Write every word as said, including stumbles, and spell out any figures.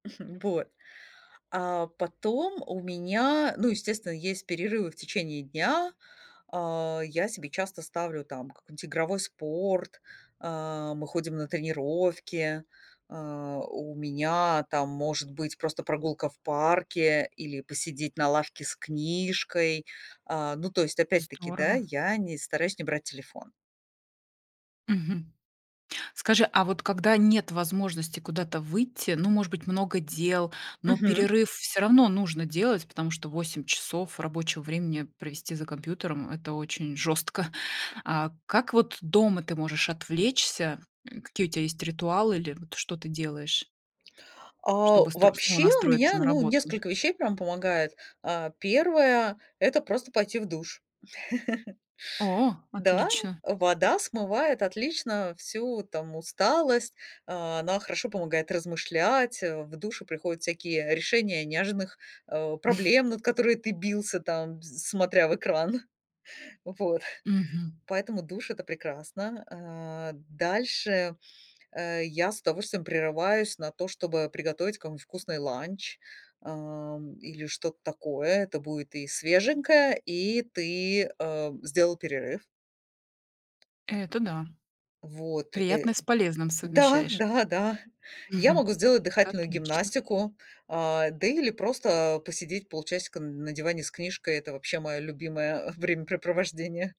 Вот, а потом у меня, ну, естественно, есть перерывы в течение дня. А, я себе часто ставлю там какой-нибудь игровой спорт, а, мы ходим на тренировки, а, у меня там может быть просто прогулка в парке или посидеть на лавке с книжкой. А, ну то есть, опять-таки, да, Здорово. я не стараюсь не брать телефон. Мгм. Скажи, а вот когда нет возможности куда-то выйти, ну, может быть, много дел, но Мгм. перерыв всё равно нужно делать, потому что восемь часов рабочего времени провести за компьютером- это очень жёстко. А, как вот дома ты можешь отвлечься? М, какие у тебя есть ритуалы или вот что ты делаешь? А Чтобы стр снова вообще, у настроиться меня, на ну, работу? несколько вещей прям помогает. А, первое- это просто пойти в душ. О, Да, отлично. вода смывает отлично всю там усталость, а, она хорошо помогает размышлять, а, в душе приходят всякие решения неожиданных, а, проблем, над которыми ты бился, там, э, смотря в экран. Вот. Мгм. Поэтому душ- это прекрасно. А, дальше, э, я с удовольствием прерываюсь на то, чтобы приготовить какой-нибудь вкусный ланч, ам, или что-то такое. Это будет и свеженькое, и ты, э, сделал перерыв. Это да. Вот, э Приятное с полезным Да, совмещаешь. да, да. Я могу сделать дыхательную Отлично. гимнастику, а, да или просто посидеть полчасика н на диване с книжкой. Это вообще мое любимое времяпрепровождение.